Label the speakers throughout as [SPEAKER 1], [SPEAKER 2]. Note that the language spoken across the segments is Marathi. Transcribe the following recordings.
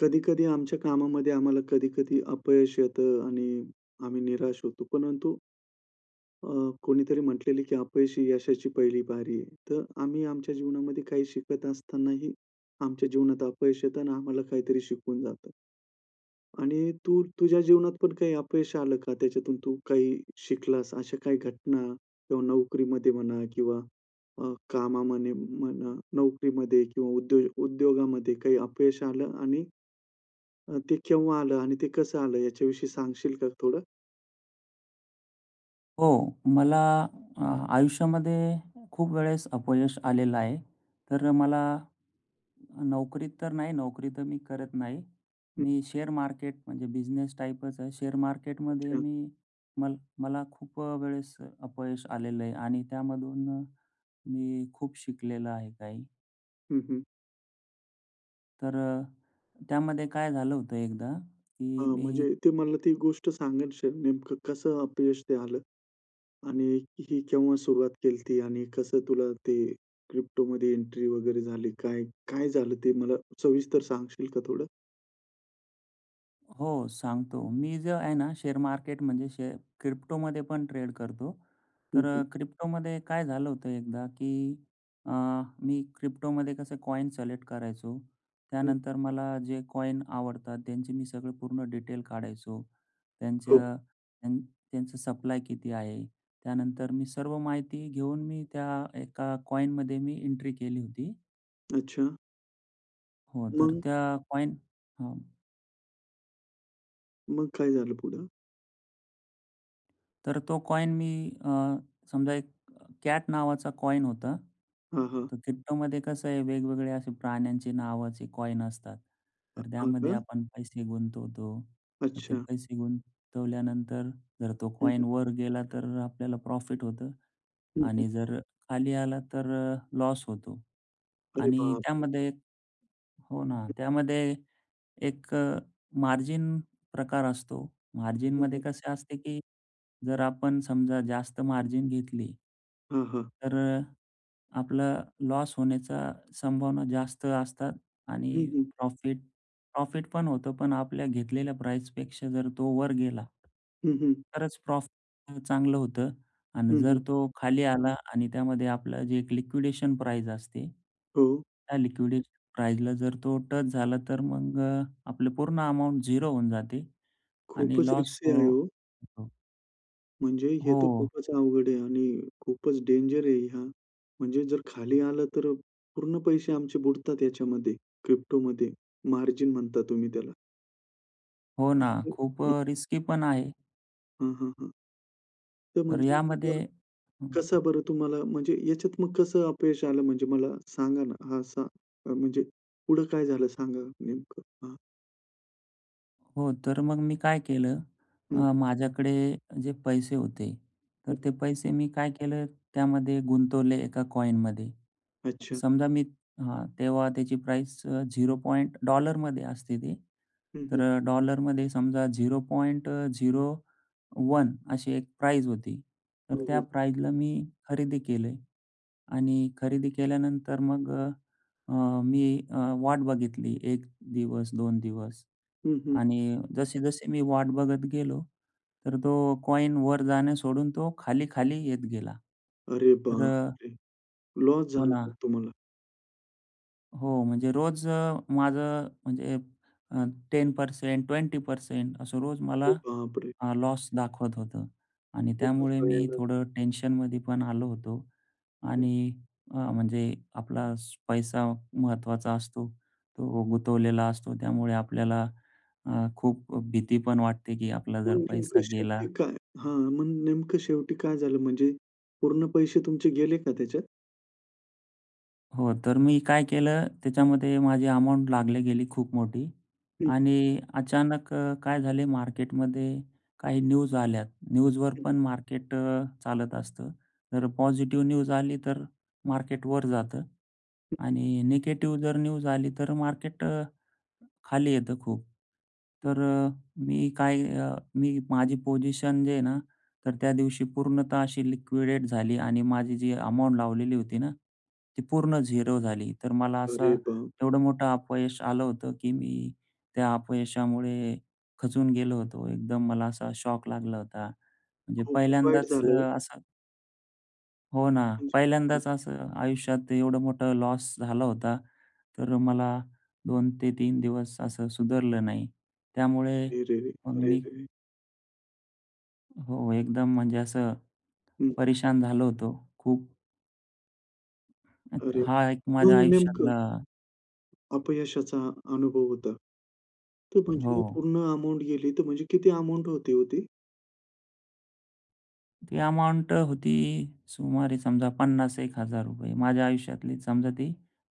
[SPEAKER 1] कधी-कधी आमच्या कामामध्ये आम्हाला कधी-कधी अपयश येतं आणि आम्ही निराश होतो. परंतु अ, कोणीतरी म्हटलेलंय की अपयशी यशाची पहिली पायरी आहे. तर आम्ही आमच्या जीवनामध्ये काही शिकत असतानाही आमच्या जीवनात अपयश येतं आणि आम्हाला काहीतरी शिकवून जातं. आणि तू तुझ्या जीवनात पण काही अपयश आलं का? त्याच्यातून तू काही शिकलास. अशा काही घटना किंवा नोकरीमध्ये म्हणा किंवा अ, कामामध्ये म्हणा, नोकरीमध्ये किंवा उद्योग उद्योगामध्ये काही अपयश आलं आणि अ, ते केव्हा आलं? आणि ते कसं आलं? याच्याविषयी सांगशील का थोडं?
[SPEAKER 2] हो मला अ, आयुष्यामध्ये खूप वेळेस अपयश आलेलं आहे. तर मला नोकरीत तर नाही, नोकरी तर मी करत नाही.
[SPEAKER 1] हं.
[SPEAKER 2] मी शेअर मार्केट म्हणजे बिझनेस टाईपच आहे. शेअर मार्केट मध्ये
[SPEAKER 1] अच्छा.
[SPEAKER 2] मी मल मला खूप अ, वेळेस अपयश आलेलं आहे आणि त्यामधून मग मी खूप शिकलेलं आहे काही.
[SPEAKER 1] हं, हं.
[SPEAKER 2] तर अ, त्यामध्ये काय झालं होतं एकदा
[SPEAKER 1] अ,
[SPEAKER 2] की मी
[SPEAKER 1] म्हणजे ते मला ती गोष्ट सांगायचे नेमकं कसं अपयश ते आलं? आणि ही केव्हा सुरुवात केलती? आणि कसं तुला ते क्रिप्टोमध्ये एंट्री वगैरे झाली काय? काय झालं? ते मला सविस्तर सांगशील का थोडं?
[SPEAKER 2] हो, सांगतो. मी जे आहे ना शेअर मार्केट म्हणजे शे क्रिप्टोमध्ये पण ट्रेड करतो.
[SPEAKER 1] हं,
[SPEAKER 2] तर
[SPEAKER 1] हं.
[SPEAKER 2] अ, क्रिप्टोमध्ये काय झालं होतं एकदा, की अ, मी क्रिप्टोमध्ये कसं कॉइन सिलेक्ट करायचो.
[SPEAKER 1] हं.
[SPEAKER 2] त्यानंतर मला जे कॉइन आवडतात, त्यांची मी सगळे पूर्ण डिटेल काढायचो.
[SPEAKER 1] हो.
[SPEAKER 2] त्यांचं त्या त्यांचं सप्लाय किती आहे. त्यानंतर मी सर्व माहिती घेऊन मी त्या एका कॉइनमध्ये मी एंट्री केली होती.
[SPEAKER 1] अच्छा.
[SPEAKER 2] हो, तर
[SPEAKER 1] मग?
[SPEAKER 2] त्या कॉइन हं.
[SPEAKER 1] मग, काय झालं पुढं?
[SPEAKER 2] तर तो कॉइन मी अ, समजा एक अ, कॅट नावाचा कॉइन होता.
[SPEAKER 1] हां, हां.
[SPEAKER 2] तर क्रिप्टोमध्ये कसं आहे, वेगवेगळे असे प्राण्यांचे नावाचे कॉइन असतात.
[SPEAKER 1] अ,
[SPEAKER 2] तर
[SPEAKER 1] हां,
[SPEAKER 2] त्यामध्ये
[SPEAKER 1] का?
[SPEAKER 2] आपण पैसे गुंतवतो. तर ते
[SPEAKER 1] अच्छा.
[SPEAKER 2] पैसे गुंतवल्यानंतर जर तो
[SPEAKER 1] हं, हं.
[SPEAKER 2] कॉइन वर गेला, तर अ, आपल्याला प्रॉफिट होतं
[SPEAKER 1] हं, हं.
[SPEAKER 2] आणि जर खाली आला तर अ, लॉस होतो.
[SPEAKER 1] अरे
[SPEAKER 2] आणि
[SPEAKER 1] बापरे!
[SPEAKER 2] त्यामध्ये हो ना. त्यामध्ये एक अ, मार्जिन प्रकार असतो.
[SPEAKER 1] हं,
[SPEAKER 2] मार्जिनमध्ये
[SPEAKER 1] हं.
[SPEAKER 2] कसे असते, की जर आपण समजा जास्त मार्जिन घेतली
[SPEAKER 1] हां, हां.
[SPEAKER 2] तर अ, आपलं लॉस होण्याचा संभावना जास्त असतात. आणि
[SPEAKER 1] हं, हं.
[SPEAKER 2] प्रॉफिट प्रॉफिट पण होतं. पण आपल्या घेतलेल्या प्राईस पेक्षा जर तो वर गेला
[SPEAKER 1] हं, हं.
[SPEAKER 2] तरच प्रॉफिट पण चांगलं होतं आणि
[SPEAKER 1] हं, हं.
[SPEAKER 2] जर तो खाली आला आणि त्यामध्ये आपलं जे एक लिक्विडेशन प्राईस असते.
[SPEAKER 1] हो.
[SPEAKER 2] त्या लिक्विडेशन प्राईसला जर तो टच झाला तर मग अ, आपलं पूर्ण अमाउंट 0 होऊन जाते आणि
[SPEAKER 1] खूपच
[SPEAKER 2] लॉस
[SPEAKER 1] रिस्की आहे
[SPEAKER 2] हो
[SPEAKER 1] हो.
[SPEAKER 2] होतो.
[SPEAKER 1] म्हणजे हे तर
[SPEAKER 2] हो.
[SPEAKER 1] खूपच अवघड आहे आणि खूपच डेंजर आहे हे. म्हणजे जर खाली आलं, तर पूर्ण पैसे आमचे बुडतात याच्यामध्ये. क्रिप्टोमध्ये मार्जिन म्हणता तुम्ही त्याला.
[SPEAKER 2] हो ना. खूप
[SPEAKER 1] [unintelligible]
[SPEAKER 2] अ, रिस्की पण आहे.
[SPEAKER 1] हं, हं, हं. ते
[SPEAKER 2] तर
[SPEAKER 1] म्हणजे
[SPEAKER 2] यामध्ये
[SPEAKER 1] [unintelligible]
[SPEAKER 2] हं.
[SPEAKER 1] कसं बरं तुम्हाला म्हणजे याच्यात मग कसं अपयश आलं म्हणजे मला सांगा ना? हां, सा म्हणजे पुढं काय झालं सांगा नेमकं? हां
[SPEAKER 2] हो तर मग मी काय केलं,
[SPEAKER 1] हं.
[SPEAKER 2] अ, माझ्याकडे जे पैसे होते, तर
[SPEAKER 1] हं.
[SPEAKER 2] ते पैसे मी काय केलं, त्यामध्ये गुंतवले एका कॉइनमध्ये.
[SPEAKER 1] अच्छा.
[SPEAKER 2] समजा, मी हां, तेव्हा त्याची प्राईस झिरो पॉइंट डॉलरमध्ये असते ती.
[SPEAKER 1] हं, हं.
[SPEAKER 2] तर डॉलरमध्ये समजा 0.01 अशी एक प्राईस होती. तर
[SPEAKER 1] हो,
[SPEAKER 2] त्या
[SPEAKER 1] हो.
[SPEAKER 2] प्राईसला मी खरेदी केली आणि खरेदी केल्यानंतर मग अ, मी वाट बघितली 1 दिवस, 2 दिवस
[SPEAKER 1] हं, हं.
[SPEAKER 2] आणि जसे-जसे मी वाट बघत गेलो तर तो कॉइन वर जाणे सोडून तो खाली-खाली येत गेला.
[SPEAKER 1] अरे
[SPEAKER 2] तर
[SPEAKER 1] बाप
[SPEAKER 2] अ
[SPEAKER 1] रे! लॉस
[SPEAKER 2] हो
[SPEAKER 1] झाला का
[SPEAKER 2] ना.
[SPEAKER 1] तुम्हाला.
[SPEAKER 2] हो. म्हणजे रोज अ, माझं म्हणजे अ, 10% 20% असं रोज
[SPEAKER 1] अरे
[SPEAKER 2] मला
[SPEAKER 1] बापरे!
[SPEAKER 2] लॉस दाखवत होतं. आणि
[SPEAKER 1] खूपच
[SPEAKER 2] त्यामुळे मी
[SPEAKER 1] भयानक.
[SPEAKER 2] थोडं टेन्शनमध्ये पण आलो होतो.
[SPEAKER 1] हं.
[SPEAKER 2] आणि अ, म्हणजे आपला पैसा महत्त्वाचा असतो. तो गुंतवलेला असतो त्यामुळे आपल्याला अ, खूप भीती पण वाटते, की आपला
[SPEAKER 1] मग
[SPEAKER 2] जर
[SPEAKER 1] नेमकं
[SPEAKER 2] पैसा गेला.
[SPEAKER 1] शेवटी काय? हां. मग नेमकं शेवटी काय झालं म्हणजे पूर्ण पैसे तुमचे गेले का त्याच्यात?
[SPEAKER 2] हो. तर मी काय केलं, त्याच्यामध्ये माझी अमाउंट लागली गेली खूप मोठी.
[SPEAKER 1] हं.
[SPEAKER 2] आणि अचानक अ, काय झाले मार्केटमध्ये काही न्यूज आल्या. न्यूजवर
[SPEAKER 1] हं.
[SPEAKER 2] पण मार्केट चालत असतं. जर पॉझिटिव्ह न्यूज आली तर मार्केट वर जातं
[SPEAKER 1] हं.
[SPEAKER 2] आणि निगेटीव जर न्यूज आली तर मार्केट अ, खाली येतं खूप.
[SPEAKER 1] हं.
[SPEAKER 2] तर मी काय अ, मी माझी पोझिशन जे आहे ना, तर त्या दिवशी पूर्णतः अशी लिक्विडेट झाली. आणि माझी जी अमाउंट लावलेली होती ना, ती पूर्ण झिरो झाली. तर मला
[SPEAKER 1] अरे
[SPEAKER 2] असं
[SPEAKER 1] बाप!
[SPEAKER 2] एवढं मोठं अपयश आलं होतं, की मी त्या अपयशामुळे खचून गेलो होतो. एकदम मला असा शॉक लागला होता. म्हणजे
[SPEAKER 1] खूपच वाईट
[SPEAKER 2] पहिल्यांदाच
[SPEAKER 1] झालं
[SPEAKER 2] अ,
[SPEAKER 1] हो.
[SPEAKER 2] असा हो ना.
[SPEAKER 1] म्हणजे हं
[SPEAKER 2] पहिल्यांदाच असं आयुष्यात एवढं मोठं लॉस झाला होता. तर मला 2 ते 3 दिवस असं सुधारलं नाही. त्यामुळे
[SPEAKER 1] रे, रे, रे!
[SPEAKER 2] मग
[SPEAKER 1] अरे,
[SPEAKER 2] मी
[SPEAKER 1] रे, रे!
[SPEAKER 2] हो एकदम म्हणजे असं
[SPEAKER 1] हं.
[SPEAKER 2] परेशान झालो होतो. खूप. अत
[SPEAKER 1] अरे!
[SPEAKER 2] हा एक माझ्या
[SPEAKER 1] मग नेमकं
[SPEAKER 2] आयुष्यातला
[SPEAKER 1] अपयशाचा अनुभव होता, तर म्हणजे
[SPEAKER 2] हो.
[SPEAKER 1] पूर्ण अमाउंट गेली तर म्हणजे किती अमाउंट होती ओ ती?
[SPEAKER 2] ती अमाउंट होती सुमारे समजा पन्नास एक हजार रुपये माझ्या आयुष्यातली समजा ती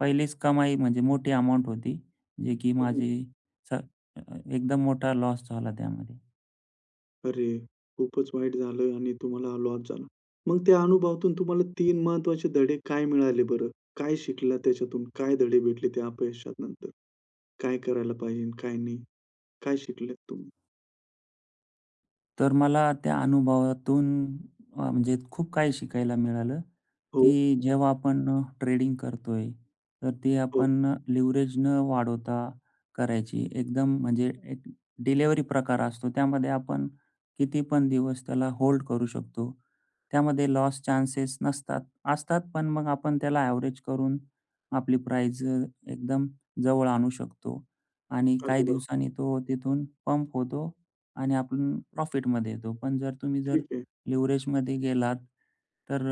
[SPEAKER 2] पहिलीच कमाई म्हणजे मोठी अमाउंट होती. जे की
[SPEAKER 1] हं, हं.
[SPEAKER 2] माझी एकदम मोठा लॉस झाला त्यामध्ये.
[SPEAKER 1] अरे! खूपच वाईट झालं आणि तुम्हाला लॉस झाला. मग त्या अनुभवातून तुम्हाला 3 महत्त्वाचे धडे काय मिळाले बरं? काय शिकला त्याच्यातून? काय धडे भेटले ते अपयशानंतर? काय करायला पाहिजे, काय नाही? काय शिकलेत तुम्ही?
[SPEAKER 2] तर मला त्या अनुभवातून अ, म्हणजे खूप काही शिकायला मिळालं;
[SPEAKER 1] हो.
[SPEAKER 2] की जेव्हा आपण ट्रेडिंग करतोय तर ती
[SPEAKER 1] हो.
[SPEAKER 2] आपण लिव्हरेज न वाढवता करायची. एकदम म्हणजे एक डिलिव्हरी प्रकार असतो त्यामध्ये आपण कितीपण दिवस त्याला होल्ड करू शकतो त्यामध्ये लॉस चान्सेस नसतात. असतात, पण मग आपण त्याला एव्हरेज करून आपली प्राईस एकदम जवळ आणू शकतो. आणि
[SPEAKER 1] अरे
[SPEAKER 2] काही
[SPEAKER 1] वा!
[SPEAKER 2] दिवसांनी तो तिथून पंप होतो आणि आपण प्रॉफिट मध्ये येतो. पण, जर तुम्ही जर
[SPEAKER 1] ठीक आहे.
[SPEAKER 2] लिव्हरेज मध्ये गेलात तर,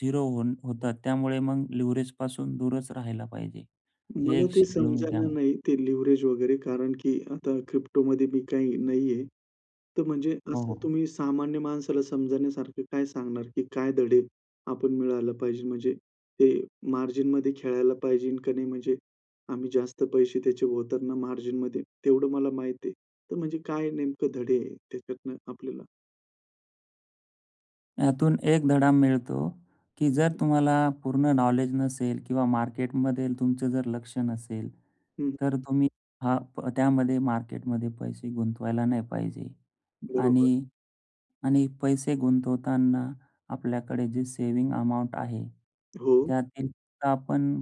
[SPEAKER 2] 0 होवून होतात त्यामुळे मग लिव्हरेजपासून दूरच राहायला पाहिजे. हे
[SPEAKER 1] मला ते
[SPEAKER 2] शिकलो मी
[SPEAKER 1] समजणा
[SPEAKER 2] त्यामुळे.
[SPEAKER 1] नाही ते लिव्हरेज वगैरे कारण की आता Cryptoमध्ये मी काही नाहीये. तर म्हणजे
[SPEAKER 2] हो
[SPEAKER 1] असं
[SPEAKER 2] हो.
[SPEAKER 1] तुम्ही सामान्य माणसाला समजण्यासारखं काय सांगणार की काय धडे आपण मिळायला पाहिजे म्हणजे ते मार्जिनमध्ये खेळायला पाहिजे का नाही? म्हणजे आम्ही जास्त पैसे त्याचे होतात ना मार्जिनमध्ये, तेवढं मला माहिती आहे. तर म्हणजे काय नेमकं धडे आहे त्याच्यातन आपल्याला?
[SPEAKER 2] यातून एक धडा मिळतो, की जर तुम्हाला पूर्ण नॉलेज नसेल किंवा मार्केटमध्ये तुमचं जर लक्ष नसेल,
[SPEAKER 1] हं.
[SPEAKER 2] तर तुम्ही हां, प त्यामध्ये मार्केटमध्ये पैसे गुंतवायला नाही पाहिजे.
[SPEAKER 1] बरोबर.
[SPEAKER 2] आणि आणि पैसे गुंतवताना आपल्याकडे जे सेव्हिंग अमाउंट आहे,
[SPEAKER 1] हो.
[SPEAKER 2] त्यातील तर आपण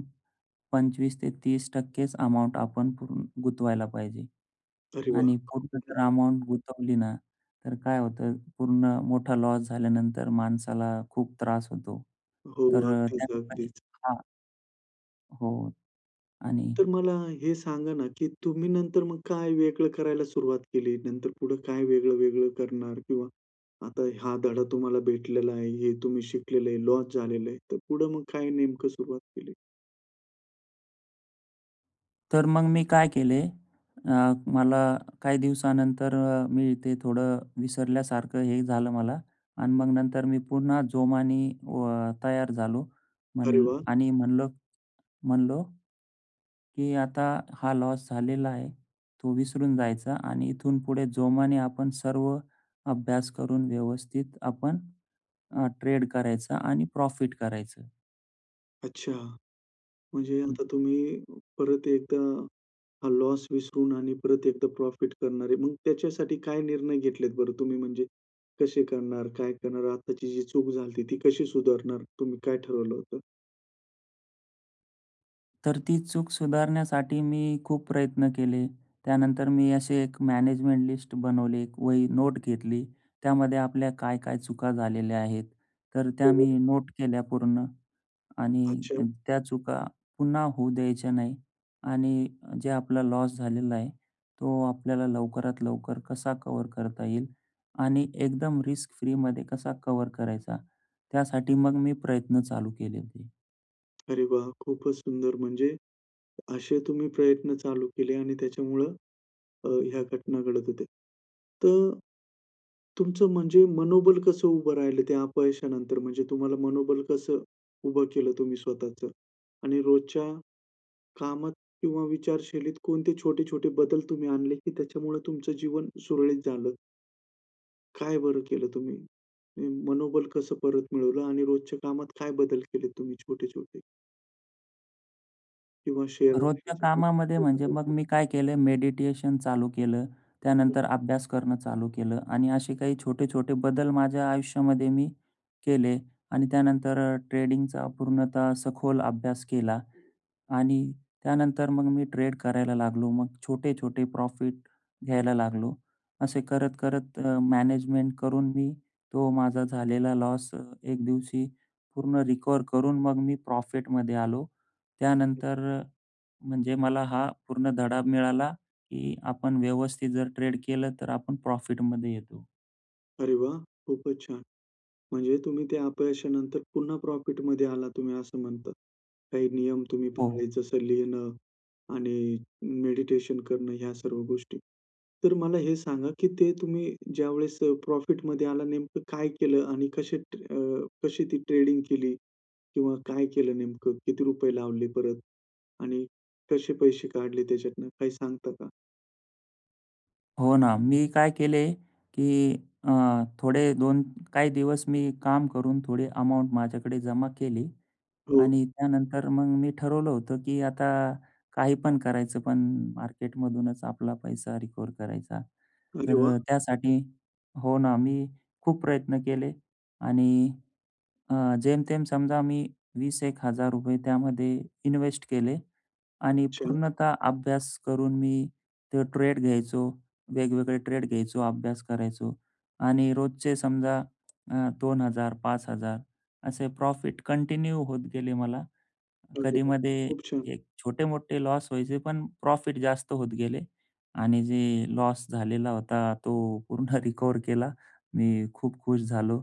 [SPEAKER 2] 25% ते 30%च अमाउंट आपण पूर गुंतवायला पाहिजे.
[SPEAKER 1] अरे, वाह!
[SPEAKER 2] आणि पूर्ण
[SPEAKER 1] ठीक
[SPEAKER 2] जर
[SPEAKER 1] आहे.
[SPEAKER 2] अमाउंट गुंतवली ना, तर काय होतं पूर्ण मोठा लॉस झाल्यानंतर माणसाला खूप त्रास होतो.
[SPEAKER 1] हो, हो.
[SPEAKER 2] तर
[SPEAKER 1] अगदीच,
[SPEAKER 2] त्याठिकाणी
[SPEAKER 1] अगदीच.
[SPEAKER 2] हां. हो. आणि
[SPEAKER 1] तर मला हे सांगा ना, की तुम्ही नंतर मग काय वेगळं करायला सुरुवात केली, नंतर पुढं काय वेगळं-वेगळं करणार? किंवा आता हा धडा तुम्हाला भेटलेला आहे, हे तुम्ही शिकलेलं आहे, लॉस झालेलं आहे, तर पुढं मग काय नेमकं सुरुवात केली?
[SPEAKER 2] तर मग मी काय केले अ, मला काही दिवसानंतर अ, मी ते थोडं विसरल्यासारखं हे झालं मला आणि मग नंतर मी पुन्हा जोमाने व तयार झालो.
[SPEAKER 1] अरे
[SPEAKER 2] म्हण
[SPEAKER 1] वा!
[SPEAKER 2] आणि म्हणालो म्हणालो की आता हा लॉस झालेला आहे. तो विसरून जायचा आणि इथून पुढे जोमाने आपण सर्व अभ्यास करून व्यवस्थित आपण अ, ट्रेड करायचं आणि प्रॉफिट करायचं.
[SPEAKER 1] अच्छा. म्हणजे
[SPEAKER 2] हं.
[SPEAKER 1] आता तुम्ही परत एकदा हा लॉस विसरून आणि परत एकदा प्रॉफिट करणार आहे. मग त्याच्यासाठी काय निर्णय घेतलेत बरं तुम्ही? म्हणजे कसे करणार? काय करणार? आत्ताची जी चूक झाली होती, ती कशी सुधारणार? तुम्ही काय ठरवलं होतं?
[SPEAKER 2] तर ती चूक सुधारण्यासाठी मी खूप प्रयत्न केले. त्यानंतर मी अशी एक मॅनेजमेंट लिस्ट बनवले. एक वही नोट घेतली. त्यामध्ये आपल्या काय-काय चुका झालेल्या आहेत, तर त्या
[SPEAKER 1] हो,
[SPEAKER 2] मी
[SPEAKER 1] हो.
[SPEAKER 2] नोट केल्या पूर्ण आणि
[SPEAKER 1] अच्छा.
[SPEAKER 2] त्या चुका पुन्हा होऊ द्यायच्या नाही. आणि अ, जे आपलं लॉस झालेला आहे, तो आपल्याला लवकरात लवकर कसा कव्हर करता येईल आणि एकदम रिस्क फ्रीमध्ये कसा कव्हर करायचा, त्यासाठी मग मी प्रयत्न चालू केले होते.
[SPEAKER 1] अरे वाह! खूपच सुंदर म्हणजे असे तुम्ही प्रयत्न चालू केले आणि त्याच्यामुळं अ, ह्या घटना घडत होत्या. तर तुमचं म्हणजे मनोबल कसं उभं राहिलं त्या अपयशानंतर म्हणजे तुम्हाला मनोबल कसं उभं केलं तुम्ही स्वतःचं? आणि रोजच्या कामात किंवा विचारशैलीत कोणते छोटे-छोटे बदल तुम्ही आणले की त्याच्यामुळे तुमचं जीवन सुरळीत झालं? काय बरं केलं तुम्ही? मनोबल कसं परत मिळवलं आणि रोजच्या कामात काय बदल केलेत तुम्ही, छोटे-छोटे? किंवा शेअर
[SPEAKER 2] रोजच्या कामामध्ये म्हणजे मग
[SPEAKER 1] [unintelligible]
[SPEAKER 2] मी काय केले, मेडिटेशन चालू केलं, त्यानंतर
[SPEAKER 1] [unintelligible]
[SPEAKER 2] अभ्यास करणं चालू केलं. आणि असे काही छोटे-छोटे बदल माझ्या आयुष्यामध्ये मी केले आणि त्यानंतर ट्रेडिंगचा पूर्णतः सखोल अभ्यास केला. आणि त्यानंतर मग मी ट्रेड करायला लागलो. मग छोटे-छोटे प्रॉफिट घ्यायला लागलो. असे करत, करत अ, मॅनेजमेंट करून मी तो माझा झालेला लॉस अ, एक दिवशी पूर्ण रिकव्हर करून मग मी प्रॉफिटमध्ये आलो. त्यानंतर अ, म्हणजे मला हा पूर्ण धडा मिळाला, की आपण व्यवस्थित जर ट्रेड केलं, तर आपण प्रॉफिटमध्ये येतो.
[SPEAKER 1] अरे वाह! खूपच छान. म्हणजे तुम्ही ते अपयशानंतर पुन्हा प्रॉफिटमध्ये आलात तुम्ही असं म्हणता. काही नियम तुम्ही
[SPEAKER 2] हो.
[SPEAKER 1] पाळले, जसं लिहिणं आणि मेडिटेशन करणं या सर्व गोष्टी. तर मला हे सांगा, की ते तुम्ही ज्यावेळेस अ, प्रॉफिटमध्ये आला नेमकं काय केलं आणि कसे अ, कशी ती ट्रेडिंग केली किंवा काय केलं नेमकं किती रुपये लावले परत आणि कसे पैसे काढले त्याच्यातनं काही सांगता का?
[SPEAKER 2] हो ना. मी काय केले? की अ, थोडे 2 काही दिवस मी काम करून थोडी अमाउंट माझ्याकडे जमा केली.
[SPEAKER 1] हो.
[SPEAKER 2] आणि त्यानंतर मग मी ठरवलं होतं की आता काही पण करायचं. पण मार्केटमधूनच आपला पैसा रिकव्हर करायचा.
[SPEAKER 1] अरे
[SPEAKER 2] तर
[SPEAKER 1] वाह!
[SPEAKER 2] अ, त्यासाठी हो ना. मी खूप प्रयत्न केले. आणि अ, जेमतेम समजा मी वीस एक हजार रुपये त्यामध्ये इन्वेस्ट केले. आणि
[SPEAKER 1] छान.
[SPEAKER 2] पूर्णतः अभ्यास करून मी ते ट्रेड घ्यायचो, वेगवेगळे ट्रेड घ्यायचो, अभ्यास करायचो आणि रोजचे समजा अ, 2000-5000 असे प्रॉफिट कंटिन्यू होत गेले मला.
[SPEAKER 1] बरोबर,
[SPEAKER 2] कधीमध्ये
[SPEAKER 1] खूप छान.
[SPEAKER 2] एक छोटे-मोठे लॉस व्हायचे. पण प्रॉफिट जास्त होत गेले. आणि जे लॉस झालेला होता. तो पूर्ण रिकव्हर केला. मी खूप खुश झालो.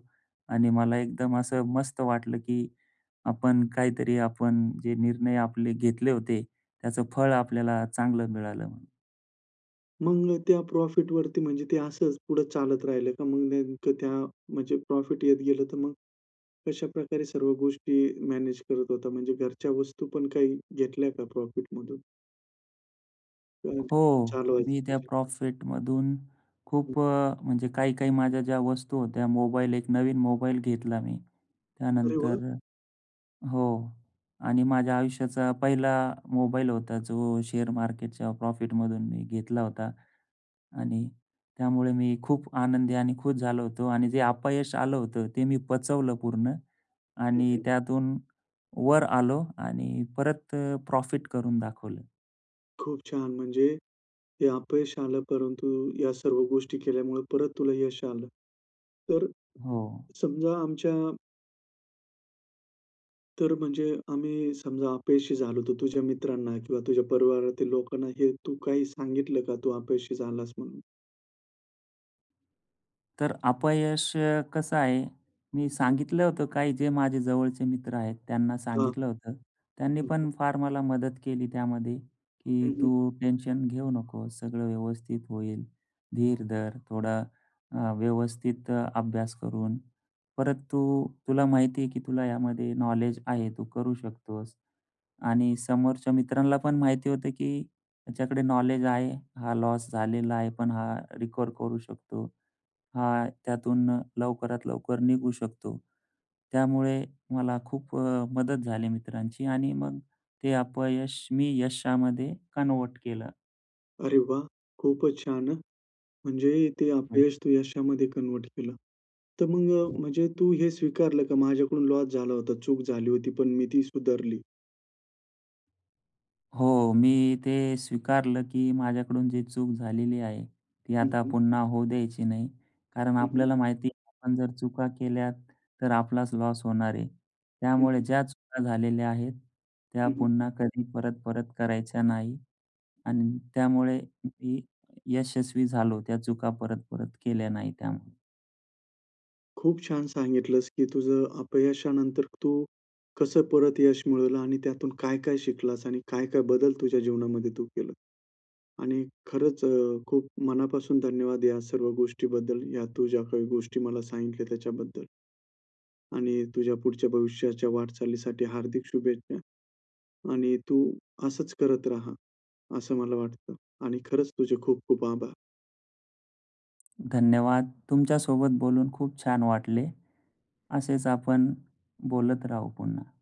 [SPEAKER 2] आणि मला एकदम असं मस्त वाटलं की आपण काहीतरी आपण जे निर्णय आपले घेतले होते. त्याचं फळ आपल्याला चांगलं मिळालं म्हणून.
[SPEAKER 1] मग न त्या प्रॉफिटवरती म्हणजे ते असंच पुढे चालत राहिलं का? मग नेमकं त्या म्हणजे प्रॉफिट येत गेलं. तर मग कशाप्रकारे सर्व गोष्टी मॅनेज करत होता. म्हणजे घरच्या वस्तू पण काही घेतल्या का प्रॉफिटमधून? हं,
[SPEAKER 2] हो,
[SPEAKER 1] चालवायचं
[SPEAKER 2] मी त्या
[SPEAKER 1] त्याच्यांतनं.
[SPEAKER 2] प्रॉफिटमधून
[SPEAKER 1] हं.
[SPEAKER 2] खूप अ, म्हणजे काही-काही माझ्या ज्या वस्तू होत्या, मोबाईल एक नवीन मोबाईल घेतला मी.
[SPEAKER 1] अरे वाह!
[SPEAKER 2] त्यानंतर हो आणि माझ्या आयुष्याचा पहिला मोबाईल होता, जो शेअर मार्केटच्या प्रॉफिटमधून मी घेतला होता. आणि त्यामुळे मी खूप आनंदी आणि खुश झालो होतो आणि जे अपयश आलं होतं ते मी पचवलं पूर्ण
[SPEAKER 1] हं,
[SPEAKER 2] आणि
[SPEAKER 1] हं.
[SPEAKER 2] त्यातून वर आलो आणि परत प्रॉफिट करून दाखवलं.
[SPEAKER 1] खूप छान. म्हणजे हे अपयश आलं, परंतु या सर्व गोष्टी केल्यामुळे परत तुला यश आलं. तर अ,
[SPEAKER 2] हो.
[SPEAKER 1] समजा आमच्या तर म्हणजे आम्ही समजा अपयशी झालो होतो. तुझ्या मित्रांना किंवा तुझ्या परिवारातील लोकांना हे तू काही सांगितलं का, तू अपयशी झालास म्हणून?
[SPEAKER 2] तर अपयश कसं आहे, मी
[SPEAKER 1] हं.
[SPEAKER 2] सांगितलं होतं काही जे माझे जवळचे मित्र आहेत त्यांना
[SPEAKER 1] हां.
[SPEAKER 2] सांगितलं होतं. त्यांनी
[SPEAKER 1] हं, हं.
[SPEAKER 2] पण फार मला मदत केली त्यामध्ये, की
[SPEAKER 1] हं, हं.
[SPEAKER 2] तू टेन्शन घेऊ नकोस. सगळं व्यवस्थित होईल. धीर धर थोडा, अ, व्यवस्थित अभ्यास करून परत तू तुला माहिती आहे, की तुला यामध्ये नॉलेज आहे. तू करू शकतोस आणि समोरच्या मित्रांना पण माहिती होतं, की ह्याच्याकडे नॉलेज आहे. हा लॉस झालेला आहे पण हा रिकव्हर करू शकतो. हा त्यातून लवकरात लवकर निघू शकतो. त्यामुळे मला खूप अ, मदत झाली मित्रांची आणि मग ते अपयश मी यशामध्ये कन्व्हर्ट केलं.
[SPEAKER 1] अरे वाह! खूपच छान हं. म्हणजे ते
[SPEAKER 2] हं.
[SPEAKER 1] अपयश तू यशामध्ये कन्व्हर्ट केलं. तर मग अ,
[SPEAKER 2] हं.
[SPEAKER 1] म्हणजे तू हे स्वीकारलं का माझ्याकडून लॉस झाला होता. चूक झाली होती पण मी ती सुधारली.
[SPEAKER 2] हो, मी ते स्वीकारलं की माझ्याकडून जी चूक झालेली आहे. ती
[SPEAKER 1] हं,
[SPEAKER 2] आता
[SPEAKER 1] हं.
[SPEAKER 2] पुन्हा होऊ द्यायची नाही. कारण
[SPEAKER 1] हं, हं.
[SPEAKER 2] आपल्याला माहिती आहे आपण जर चुका केल्या तर आपलाच लॉस होणार आहे.
[SPEAKER 1] हं,
[SPEAKER 2] त्यामुळे
[SPEAKER 1] हं.
[SPEAKER 2] ज्या चुका झालेल्या आहेत, त्या
[SPEAKER 1] हं, हं.
[SPEAKER 2] पुन्हा कधी परत-परत करायच्या नाही अन् त्यामुळे मी यशस्वी झालो त्या चुका परत-परत केल्या नाही त्यामुळे.
[SPEAKER 1] खूप छान सांगितलंस की तुझं अपयशानंतर तू, कसं परत यश मिळवलं आणि त्यातून काय-काय शिकलास आणि काय-काय बदल तुझ्या जीवनामध्ये तू केलं आणि खरंच अ, खूप मनापासून धन्यवाद या सर्व गोष्टीबद्दल या तू ज्या काही गोष्टी मला सांगितल्या त्याच्याबद्दल. आणि तुझ्या पुढच्या भविष्याच्या वाटचालीसाठी हार्दिक शुभेच्छा आणि तू असंच करत रहा, असं मला वाटतं आणि खरंच तुझे खूप-खूप आभार.
[SPEAKER 2] धन्यवाद! तुमच्यासोबत बोलून खूप छान वाटले. असेच आपण बोलत राहू पुन्हा.